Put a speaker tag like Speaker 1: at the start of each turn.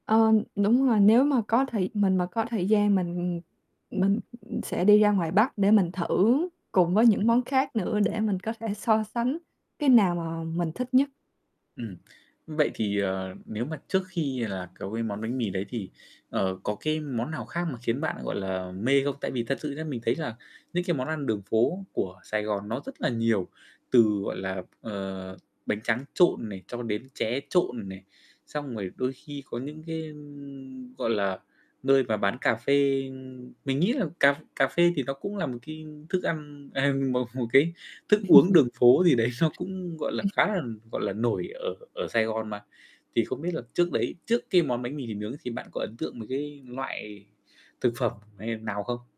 Speaker 1: Ờm, đúng rồi, nếu mà có thời mình mà có thời gian mình, ừm, mình sẽ đi ra ngoài Bắc để mình thử cùng với những
Speaker 2: Ưm, ừm.
Speaker 1: món khác nữa, để mình có thể so sánh cái nào mà mình thích nhất.
Speaker 2: Ừm, vậy thì, ờ, nếu mà trước khi là có cái món bánh mì đấy thì, ờ, có cái món nào khác mà khiến bạn, gọi là, mê không? Tại vì thật sự nhá, mình thấy là những cái món ăn đường phố của Sài Gòn nó rất là nhiều, từ, gọi là, ờ, bánh tráng trộn này, cho đến tré trộn này. Xong rồi đôi khi có những cái, ưm, gọi là, nơi mà bán cà phê mình nghĩ là cà ph cà phê thì nó cũng là một cái thức ăn à, một một cái thức uống đường phố gì đấy nó cũng, gọi là,
Speaker 1: Ừm.
Speaker 2: khá là, gọi là, nổi ở ở Sài Gòn mà. Thì không biết là trước đấy, trước cái món bánh mì thịt nướng thì bạn có ấn tượng mấy cái loại thực phẩm, e nào không?